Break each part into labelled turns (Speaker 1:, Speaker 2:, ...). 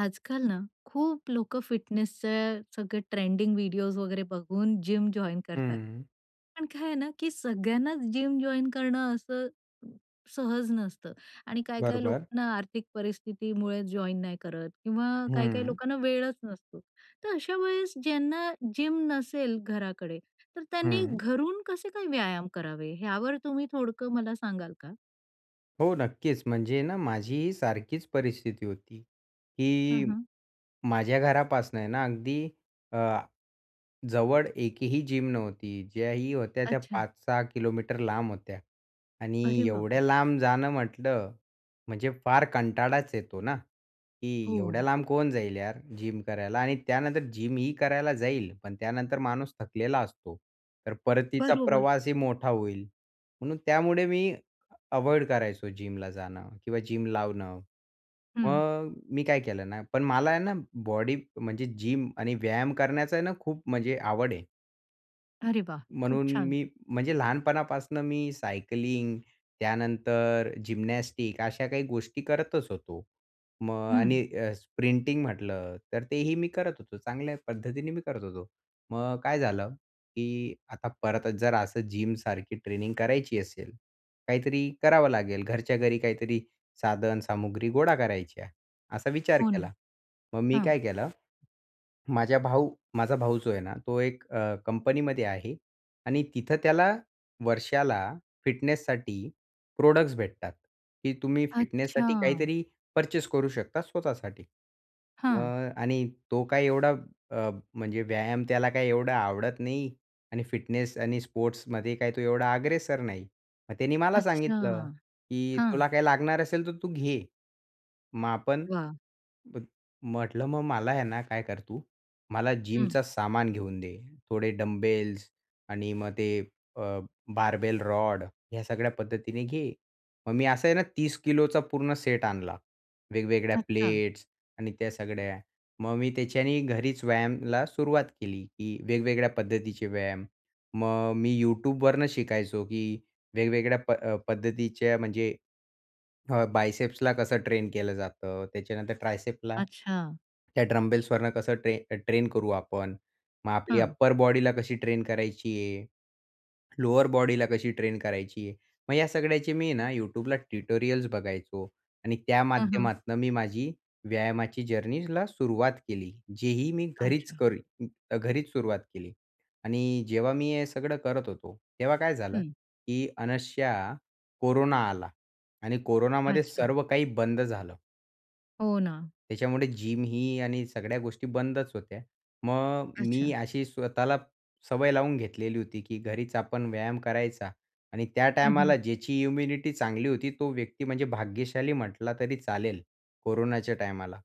Speaker 1: आज-काल ना, खुप लोक फिटनेसच सगळ ट्रेंडिंग वीडियोस वैगेरे बघून जिम जॉइन करतात.
Speaker 2: हं.
Speaker 1: पण काय आहे ना की सगळ्यांनाच जिम जॉइन करणं असं सहज नसतं आणि काही-काही लोक
Speaker 2: बरोबर.
Speaker 1: ना आर्थिक परिस्थितीमुळे जॉइन नाही करत किंवा काही-काही
Speaker 2: हं.
Speaker 1: लोकांना वेळच नसतो. तर अशा वेळेस ज्यांना जिम नसेल घराकडे तर त्यांनी
Speaker 2: हं.
Speaker 1: घरून कसे काय व्यायाम करावे ह्यावर तुम्ही थोडकं मला सांगाल का?
Speaker 2: हो, नक्कीच. म्हणजे ना माझीही सारखीच परिस्थिती होती
Speaker 1: हं,
Speaker 2: की
Speaker 1: हं.
Speaker 2: माझ्या घरापासनं ना अगदी अ, जवळ एकही जिम नव्हती. ज्याही होत्या त्या
Speaker 1: अच्छा.
Speaker 2: 5-6 किलोमीटर लांब होत्या आणि
Speaker 1: अरे
Speaker 2: एवढ्या
Speaker 1: बाबा!
Speaker 2: लांब जाणं म्हटलं म्हणजे फार कंटाळाच येतो ना? की एवढ्या
Speaker 1: हो.
Speaker 2: लांब कोण जाईल यार जिम करायला? आणि त्यानंतर जिम ही करायला जाईल पण त्यानंतर माणूस थकलेला असतो, तर परतीचा
Speaker 1: बरोबर.
Speaker 2: प्रवासही मोठा होईल. म्हणून त्यामुळे मी अव्हॉइड करायचो जिमला जाणं किंवा जिम लावणं.
Speaker 1: हं.
Speaker 2: मग मी काय केलं ना पण मला आहे ना बॉडी म्हणजे जिम आणि व्यायाम करण्याचा आहे ना खूप म्हणजे आवड आहे.
Speaker 1: अरे वाह! खूप
Speaker 2: म्हणून
Speaker 1: छान.
Speaker 2: मी म्हणजे लहानपणापासून मी सायकलिंग त्यानंतर जिम्नॅस्टिक्स अशा काही गोष्टी करतच होतो. मग अ, आणि
Speaker 1: हं.
Speaker 2: अ, स्प्रिंटिंग म्हटलं तर तेही मी करत होतो. चांगल्या पद्धतीने मी करत होतो. मग काय झालं, की आता परत जर असं जिमसारखी ट्रेनिंग करायची असेल. काहीतरी करावं लागेल घरच्या घरी काहीतरी साधन, सामुग्री गोळा करायच्या. असा विचार
Speaker 1: हो ना.
Speaker 2: केला. मग मी
Speaker 1: हां.
Speaker 2: काय केलं.माझा भाऊ माझा भाऊ जो आहे ना, तो एक अ, कंपनीमध्ये आहे आणि तिथं त्याला वर्षाला फिटनेससाठी प्रॉडक्टस भेटतात. की तुम्ही फिटनेससाठी
Speaker 1: अच्छा!
Speaker 2: काहीतरी पर्चेस करू शकता; स्वतःसाठी.अ,
Speaker 1: हां.
Speaker 2: आणि तो काय एवढा अ, म्हणजे व्यायाम त्याला काय एवढा आवडत नाही आणि फिटनेस आणि स्पोर्ट्समध्ये काय तो एवढा अग्रेसर नाही. मग त्याने मला
Speaker 1: अच्छा!
Speaker 2: सांगितलं, की
Speaker 1: हां.
Speaker 2: तुला काही लागणार असेल तर तू घे. मग आपण
Speaker 1: वाह!
Speaker 2: म्हटलं, मग मला आहे ना काय कर तू, मला
Speaker 1: हं.
Speaker 2: जिमचा सामान घेऊन दे. थोडे डंबेल्स आणि मग ते अ, बार्बेल रॉड ह्या सगळ्या पद्धतीने घे. मग मी असं आहे ना 30 किलोचा पूर्ण सेट आणला. वेगवेगळ्या
Speaker 1: अच्छा.
Speaker 2: प्लेट्स आणि त्या सगळ्या. मग मी त्याच्याने घरीच व्यायामाला सुरुवात केली. की वेगवेगळ्या पद्धतीचे व्यायाम. मग अ, मी YouTubeवरणं शिकायचो, की वेगवेगळ्या प पद्धतीचे म्हणजे अ, बायसेप्सला कसं ट्रेन केलं जातं त्याच्यानंतर ट्रायसेप्सला,
Speaker 1: अच्छा.
Speaker 2: त्या डंबेलवरून कसं अ, ट्रेन करू आपण. मग आपली
Speaker 1: हं.
Speaker 2: अप्पर बॉडी ला कशी ट्रेन करायची आहे. लोअर बॉडीला कशी ट्रेन करायची. मग या सगळ्याचे मी ना YouTubeला ट्यूटोरियल्स बघायचो आणि त्या
Speaker 1: हं, हं.
Speaker 2: माध्यमातनं मी माझी व्यायामाची जर्नीला सुरुवात केली. जेही मी घरीच
Speaker 1: अच्छा.
Speaker 2: करी घरीच सुरुवात केली आणि जेव्हा मी हे सगळं करत होतो, तेव्हा काय झालं,
Speaker 1: हं.
Speaker 2: की आणि अनशा कोरोना आला आणि कोरोनामध्ये
Speaker 1: अच्छा.
Speaker 2: सर्व काही बंद झालं.
Speaker 1: हो ना.
Speaker 2: त्याच्यामुळे जिम ही आणि सगळ्या गोष्टी बंदच होत्या. मग मी
Speaker 1: अच्छा.
Speaker 2: अशी स्वतःला सवय लावून घेतलेली होती, की घरीच आपण व्यायाम करायचा आणि त्या
Speaker 1: हं, हं.
Speaker 2: टायमाला ज्याची इम्युनिटी चांगली होती, तो व्यक्ती म्हणजे भाग्यशाली म्हटला तरी चालेल कोरोनाच्या टायमाला.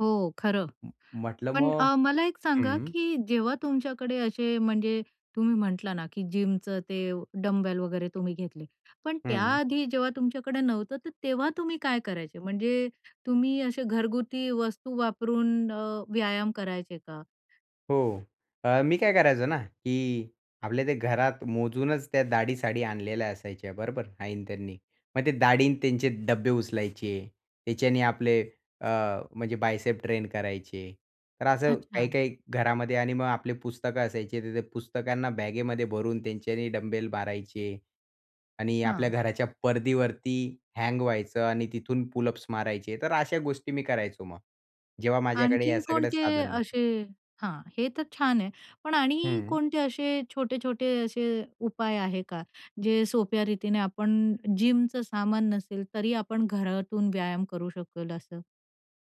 Speaker 1: हो खरं.
Speaker 2: अ, म्हटलं
Speaker 1: पण
Speaker 2: मग
Speaker 1: अ, मला एक सांगा,
Speaker 2: हं.
Speaker 1: की जेव्हा तुमच्याकडे अशे, म्हणजे तुम्ही म्हटला ना, की जिमचं ते डंबेल वगैरे तुम्ही घेतले, पण
Speaker 2: हं.
Speaker 1: त्याआधी जेव्हा तुमच्याकडे नव्हतं, तर तेव्हा तुम्ही काय करायचे? म्हणजे तुम्ही अशे घरगुती वस्तू वापरून अ, व्यायाम करायचे का?
Speaker 2: हो, अ, मी काय करायचो ना? की आपल्या त्या घरात मोजूनच त्या डाळी-साळी आणलेल्या असायच्या बरोबर, आईन त्यांनी. मग ते डाळी आणि त्यांचे डब्बे उचलायचे. त्याच्याने आपले अ म्हणजे बायसेप ट्रेन करायचे. तर असं
Speaker 1: अच्छा.
Speaker 2: काही-काही घरामध्ये आणि मग आपली पुस्तकं असायचे. तर त्या पुस्तकांना बॅगेमध्ये भरून, त्यांच्याने डंबेल मारायचे आणि आपल्या
Speaker 1: हां.
Speaker 2: घराच्या परदीवरती हँग व्हायचं आणि तिथून पूलअप्स मारायचे. तर अशा गोष्टी मी करायचो मग. जेव्हा माझ्याकडे या
Speaker 1: आणखीन
Speaker 2: सगळं
Speaker 1: कोणते
Speaker 2: साधन नव्हते.
Speaker 1: अशे हां, हे तर छान आहे. पण आणि
Speaker 2: हं.
Speaker 1: कोणते असे छोटे-छोटे असे उपाय आहे का, जे सोप्या रीतीने आपण जिमचं सामान नसेल तरी आपण घरातून व्यायाम करू शकेल असं?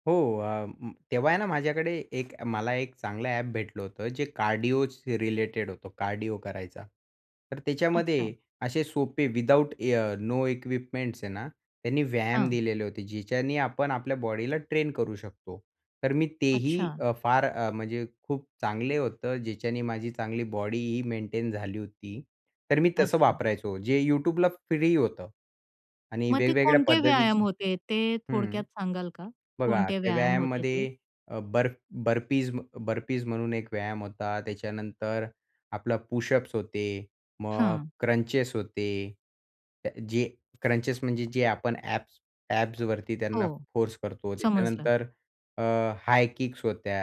Speaker 2: हो, अ, तेव्हा आहे ना माझ्याकडे एक मला एक चांगलं ॲप भेटलं होतं जे कार्डिओज रिलेटेड होतं, कार्डिओ करायचा. तर त्याच्यामध्ये
Speaker 1: अच्छा.
Speaker 2: असे सोपे विदाऊट इ अ, नो इक्विपमेंट्स आहे ना त्यांनी व्यायाम
Speaker 1: हां.
Speaker 2: दिलेले होते ज्याच्याने आपण आपल्या बॉडीला ट्रेन करू शकतो. तर मी तेही
Speaker 1: अच्छा.
Speaker 2: अ, फार अ, म्हणजे खूप चांगले होतं ज्याच्याने माझी चांगली बॉडीही मेंटेन झाली होती. तर मी तसं
Speaker 1: अच्छा.
Speaker 2: वापरायचो जे YouTubeला फ्री होतं. आणि
Speaker 1: मग ते
Speaker 2: वेगवेगळ्या
Speaker 1: कोणते व्यायाम
Speaker 2: पद्धतीची
Speaker 1: होते ते
Speaker 2: हं,
Speaker 1: थोडक्यात सांगाल का?
Speaker 2: बघा
Speaker 1: कोणते
Speaker 2: त्या
Speaker 1: व्यायाम होते ते?
Speaker 2: व्यायामामध्ये अ, बर्प बर्पीज, म अ, बर्पीज म्हणून एक व्यायाम होता. त्याच्यानंतर आपला पुशअप्स होते. मग
Speaker 1: हां.
Speaker 2: क्रंचेस होते ते अ, जे क्रंचेस म्हणजे जे आपण ॲब्स ॲब्सवरती
Speaker 1: हो,
Speaker 2: त्यांना फोर्स करतो.
Speaker 1: समजलं.
Speaker 2: त्याच्यानंतर अ, हाय किक्स होत्या.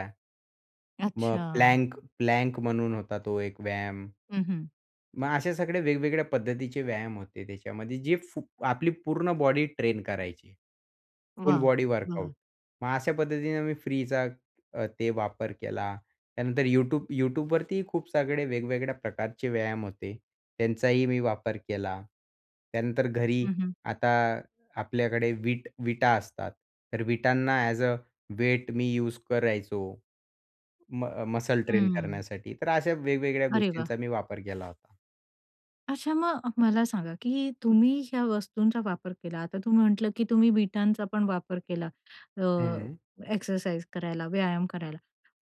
Speaker 2: मग
Speaker 1: अच्छा.
Speaker 2: प्लँक, प्लँक म्हणून होता तो एक व्यायाम.
Speaker 1: हं, हं.
Speaker 2: मग अशा सगळ्या वेगवेगळ्या पद्धतीचे व्यायाम होते त्याच्यामध्ये, जे फु आपली पूर्ण बॉडी ट्रेन करायची. फूल
Speaker 1: वाह!
Speaker 2: बॉडी
Speaker 1: हं.
Speaker 2: वर्कआउट. मग अशा पद्धतीनं मी फ्रीचा अ, ते वापर केला. त्यानंतर YouTube YouTubeवरतीही खूप सगळे वेगवेगळ्या प्रकारचे व्यायाम होते. त्यांचाही मी वापर केला. त्यानंतर घरी
Speaker 1: हं, हं.
Speaker 2: आता आपल्याकडे विट विटा असतात, तर विटांना एज अ वेट मी यूज करायचो म अ, मसल ट्रेन
Speaker 1: हं.
Speaker 2: करण्यासाठी. तर अशा वेगवेगळ्या
Speaker 1: अरे वाह!
Speaker 2: गोष्टींचा मी वापर केला होता.
Speaker 1: अच्छा. मग मला सांगा, की हे तुम्ही ज्या वस्तूंचा वापर केला, आता तू म्हटलं, की तुम्ही वीटांचा पण वापर केला अ,
Speaker 2: हं.
Speaker 1: एक्सरसाइज करायला, व्यायाम करायला.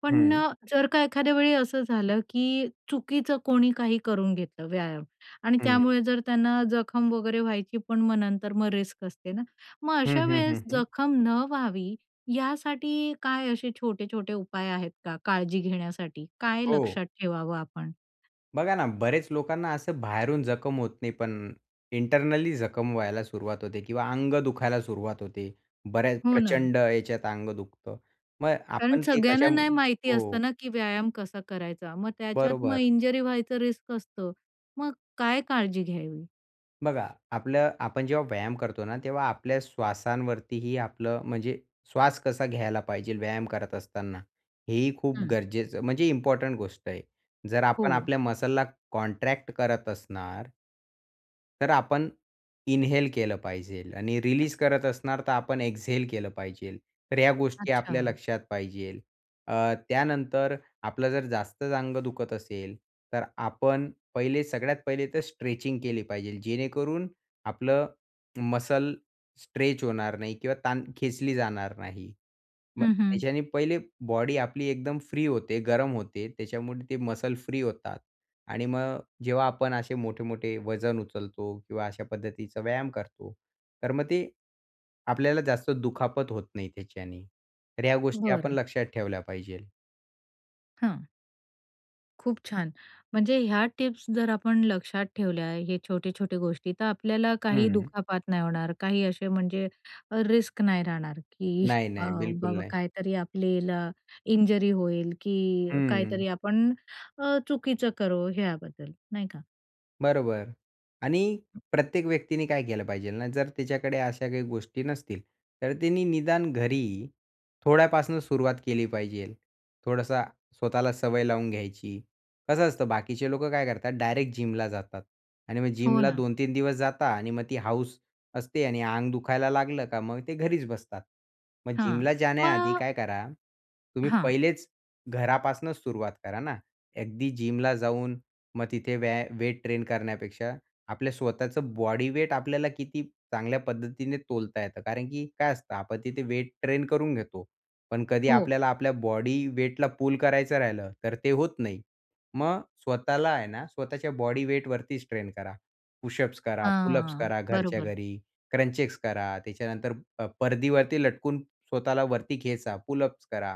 Speaker 1: पण
Speaker 2: हं.
Speaker 1: अ, जर का एखाद्या वेळी असं झालं, की चुकीचं कोणी काही करून घेतलं व्यायाम आणि
Speaker 2: हं.
Speaker 1: त्यामुळे जर त्यांना जखम वगैरे व्हायची, पण मग नंतर मग रिस्क असते ना? मग
Speaker 2: हं,
Speaker 1: अशा
Speaker 2: हं, हं,
Speaker 1: वेळेस
Speaker 2: हं.
Speaker 1: जखम न व्हावी यासाठी काय असे छोटे-छोटे उपाय आहेत का काळजी घेण्यासाठी? काय
Speaker 2: हो.
Speaker 1: लक्षात ठेवावं आपण?
Speaker 2: बघा ना, बरेच लोकांना असं बाहेरून जखम होत नाही पण इंटरनली जखम व्हायला सुरुवात होते किंवा अंग दुखायला सुरुवात होते. बऱ्याच
Speaker 1: हो, ना.
Speaker 2: प्रचंड याच्यात अंग दुखतं. मग
Speaker 1: कारण
Speaker 2: आपण ते
Speaker 1: सगळ्यांना
Speaker 2: कशा
Speaker 1: नाही माहिती
Speaker 2: हो.
Speaker 1: असतं ना, की व्यायाम कसा करायचा. मग त्याच्यात मग
Speaker 2: बरोबर.
Speaker 1: इंज्युरी व्हायचं रिस्क असतं. मग काय काळजी घ्यावी?
Speaker 2: बघा, आपलं आपण जेव्हा व्यायाम करतो ना, तेव्हा आपल्या श्वासांवरतीही आपलं म्हणजे श्वास कसा घ्यायला पाहिजे व्यायाम करत असताना, हे ही खूप
Speaker 1: हं.
Speaker 2: गरजेचं म्हणजे इम्पोर्टंट गोष्ट आहे. जर आपण
Speaker 1: हो.
Speaker 2: आपल्या मसलला कॉन्ट्रॅक्ट करत असणार तर आपण इन्हेल केलं पाहिजेल आणि रिलीज करत असणार तर आपण एक्झेल केलं पाहिजे. तर या गोष्टी आपल्या
Speaker 1: अच्छा.
Speaker 2: लक्षात पाहिजेल अ, त्यानंतर आपलं जर जास्तच अंग दुखत असेल, तर आपण पहिले सगळ्यात पहिले तर स्ट्रेचिंग केली पाहिजेल. जेणेकरून आपलं मसल स्ट्रेच होणार नाही किंवा ताण खेचली जाणार नाही. मग
Speaker 1: हं, हं.
Speaker 2: त्याच्याने पहिले बॉडी आपली एकदम फ्री होते, गरम होते. त्याच्यामुळे ते मसल फ्री होतात आणि मग जेव्हा आपण असे मोठे, मोठे वजन उचलतो किंवा अशा पद्धतीचा व्यायाम करतो तर मग ते आपल्याला जास्त दुखापत होत नाही त्याच्याने. तर ह्या गोष्टी आपण
Speaker 1: बरं.
Speaker 2: लक्षात ठेवल्या पाहिजेल.
Speaker 1: हां. खूप छान. म्हणजे ह्या टिप्स जर आपण लक्षात ठेवल्या हे छोटे, छोटे गोष्टी तर आपल्याला काही
Speaker 2: हम्म.
Speaker 1: दुखापात नाही होणार. काही असे म्हणजे अ, रिस्क नाही राहणार की
Speaker 2: नाही,
Speaker 1: अ,
Speaker 2: नाही. बिलकुल
Speaker 1: बाबा
Speaker 2: नाही.
Speaker 1: काहीतरी आपल्याला इंजुरी होईल की
Speaker 2: हम्म.
Speaker 1: काहीतरी आपण अ, चुकीचं करू, ह्याबद्दल नाही का?
Speaker 2: बरोबर आणि प्रत्येक व्यक्तीने काय केलं पाहिजेल ना? जर तिच्याकडे अशा काही गोष्टी नसतील, तर तिने निदान घरी थोड्यापासून सुरुवात केली पाहिजेल, थोडासा स्वतःला सवय लावून घ्यायची. कसं असतं बाकीचे लोकं काय करतात डायरेक्ट जिमला जातात आणि मग
Speaker 1: हो
Speaker 2: जिमला
Speaker 1: ना.
Speaker 2: 2-3 दिवस जाता आणि मग ती हौस असते आणि अंग दुखायला लागलं का मग ते घरीच बसतात. मग
Speaker 1: हां.
Speaker 2: जिमला जाण्याआधी
Speaker 1: मग
Speaker 2: काय करा तुम्ही
Speaker 1: हां.
Speaker 2: पहिलेच घरापासून सुरुवात करा ना. अगदी जिमला जाऊन मग तिथे व्या वेट ट्रेन करण्यापेक्षा आपल्या स्वतःचं बॉडी वेट आपल्याला किती चांगल्या पद्धतीने तोलता येतं. कारण की काय असतं, आपण तिथे वेट ट्रेन करून घेतो. पण कधी
Speaker 1: हो.
Speaker 2: आपल्याला आपल्या बॉडी वेटला पूल करायचं राहिलं तर ते होत नाही. मग स्वतःला आहे ना, स्वतःच्या बॉडी वेट वरतीच ट्रेन करा. पुशअप्स करा, पुलअप्स
Speaker 1: हां,
Speaker 2: करा घरच्या
Speaker 1: बरोबर.
Speaker 2: घरी, क्रंचेस करा त्याच्यानंतर परदीवरती लटकून स्वतःला वरती खेचा, पूल अप्स करा.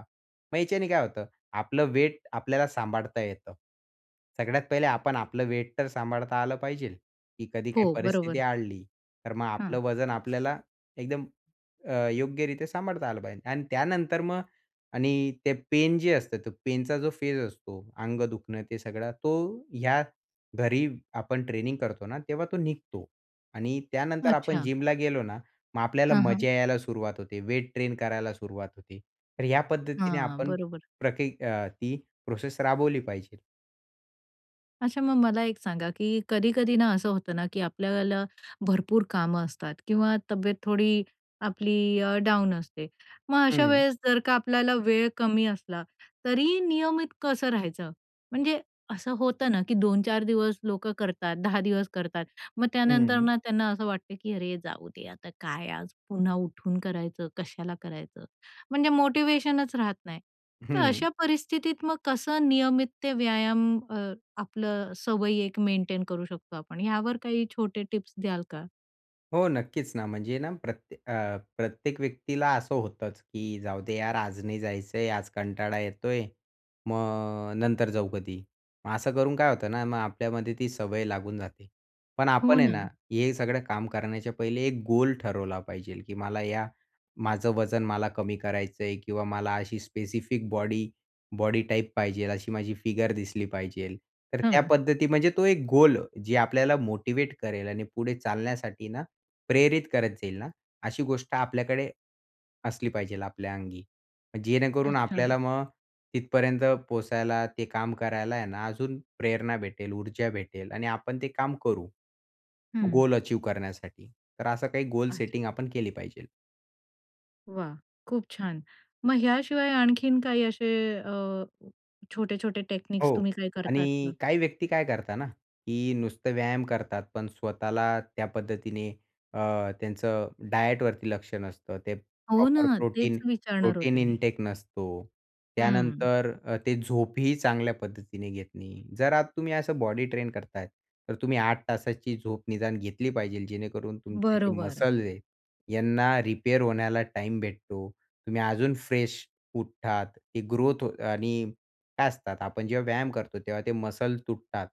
Speaker 2: मग ह्याच्याने काय होतं आपलं वेट आपल्याला सांभाळता येतं. सगळ्यात पहिले आपण आपलं वेट तर सांभाळता आलं पाहिजेल. की कधी काही
Speaker 1: हो,
Speaker 2: परिस्थिती
Speaker 1: बरोबर.
Speaker 2: आली, तर मग
Speaker 1: हं.
Speaker 2: आपलं वजन आपल्याला एकदम अ, योग्यरीत्या सांभाळता आलं पाहिजे. आणि त्यानंतर मग आणि ते पेन जे असतं ते पेनचा जो फेज असतो अंग दुखणं ते सगळं तो ह्या घरी आपण ट्रेनिंग करतो ना तेव्हा तो निघतो. आणि त्यानंतर आपण
Speaker 1: अच्छा.
Speaker 2: जिमला गेलो ना, मग आपल्याला
Speaker 1: हां, हां.
Speaker 2: मजा यायला सुरुवात होते वेट ट्रेन करायला सुरुवात होते. तर या पद्धतीने
Speaker 1: हां,
Speaker 2: आपण
Speaker 1: बरोबर.
Speaker 2: प्रकी अ, ही प्रोसेस राबवली पाहिजे.
Speaker 1: अच्छा मग मला एक सांगा की कधी-कधी ना असं होतं ना, की आपल्याला भरपूर कामं असतात किंवा तब्येत थोडी आपली अ, डाऊन असते. मग अशा
Speaker 2: हं.
Speaker 1: वेळेस जर का आपल्याला वेळ कमी असला, तरी नियमित कसं राहायचं? म्हणजे असं होतं ना, की 2-4 दिवस लोकं करतात, 10 दिवस करतात, मग त्यानंतर
Speaker 2: हं.
Speaker 1: ना त्यांना असं वाटतं की, "अरे, जाऊ दे आता. काय आज पुन्हा उठून करायचं, कशाला करायचं?" म्हणजे मोटिवेशनच राहत नाही. तर
Speaker 2: हं.
Speaker 1: अशा परिस्थितीत मग कसं नियमित ते व्यायाम अ, आपलं अ, सवयी एक मेंटेन करू शकतो आपण? यावर काही छोटे टिप्स द्याल का?
Speaker 2: हो, नक्कीच ना, म्हणजे ना प्रत्ये अ, प्रत्येक व्यक्तीला असं होतंच की जाऊदे यार. आज नाही जायचंय. आज कंटाळा येतोय. मग नंतर जाऊ कधी. मग असं करून काय होतं ना, मग आपल्यामध्ये ती सवय लागून जाते. पण
Speaker 1: हो
Speaker 2: आपण आहे ना,
Speaker 1: ना.
Speaker 2: हे सगळं काम करण्याच्या पहिले एक गोल ठरवला पाहिजेल, की मला या माझं वजन मला कमी करायचं आहे किंवा मला अशी स्पेसिफिक बॉडी, बॉडी टाइप पाहिजेल अशी माझी फिगर दिसली पाहिजेल. तर त्या
Speaker 1: हं.
Speaker 2: पद्धती म्हणजे तो एक गोल जे आपल्याला मोटिवेट करेल आणि पुढे चालण्यासाठी ना, प्रेरित करत जाईल ना, अशी गोष्ट आपल्याकडे असली पाहिजेल, आपल्या अंगी, जेणेकरून
Speaker 1: अच्छा.
Speaker 2: आपल्याला मग तिथपर्यंत पोहचायला ते काम करायला आहे ना, अजून प्रेरणा भेटेल, ऊर्जा भेटेल आणि आपण ते काम करू,
Speaker 1: हं.
Speaker 2: गोल अचीव करण्यासाठी. तर असं काही गोल
Speaker 1: अच्छा.
Speaker 2: सेटिंग आपण केली पाहिजेल.
Speaker 1: वाह! खूप छान. मग ह्याशिवाय आणखीन काही असे अ, छोटे-छोटे टेक्निक्स
Speaker 2: हो,
Speaker 1: तुम्ही काय करतात
Speaker 2: आणि
Speaker 1: का?
Speaker 2: काही व्यक्ती काय करता ना, की नुसतं व्यायाम करतात पण स्वतःला त्या पद्धतीने अ, त्यांचं डायटवरती लक्ष नसतं. ते
Speaker 1: हो
Speaker 2: प्रॉपर
Speaker 1: ना.
Speaker 2: प्रोटीन
Speaker 1: तेच विचारणार होते
Speaker 2: प्रोटीन
Speaker 1: मी.
Speaker 2: इंटेक नसतो.
Speaker 1: हं.
Speaker 2: त्यानंतर अ, ते झोपही चांगल्या पद्धतीने घेत नाही. जर अ, तुम्ही असं बॉडी ट्रेन करताय, तर तुम्ही 8 तासाची झोप निदान घेतली पाहिजेल, जेणेकरून तुमचे जे
Speaker 1: बरोबर.
Speaker 2: मसल्स आहे, यांना रिपेअर होण्याला टाईम भेटतो. तुम्ही अजून फ्रेश उठतात. ती ग्रोथ हो आणि काय असतात आपण जेव्हा व्यायाम करतो, तेव्हा ते मसल तुटतात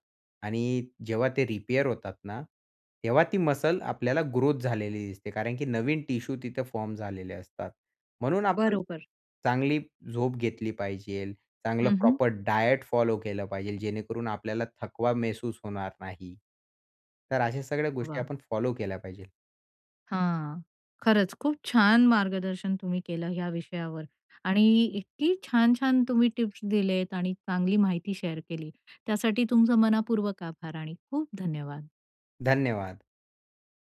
Speaker 2: आणि जेव्हा ते रिपेअर होतात ना, तेव्हा ती मसल आपल्याला ग्रोथ झालेली दिसते, कारण की नवीन टिशू तिथं फॉर्म झालेले असतात म्हणून आपण
Speaker 1: बरोबर.
Speaker 2: चांगली झोप घेतली पाहिजेल, चांगलं
Speaker 1: हं, हं.
Speaker 2: प्रॉपर डायट फॉलो केलं पाहिजेल, जेणेकरून आपल्याला थकवा महसूस होणार नाही. तर अशा सगळ्या गोष्टी
Speaker 1: वाह!
Speaker 2: आपण फॉलो केल्या पाहिजेल.
Speaker 1: हां, खरंच खूप छान मार्गदर्शन तुम्ही केलं ह्या विषयावर आणि इतकी छान-छान तुम्ही टिप्स दिलेत आणि चांगली माहिती शेअर केली. त्यासाठी तुमचं मनपूर्वक आभार आणि खूप धन्यवाद.
Speaker 2: धन्यवाद.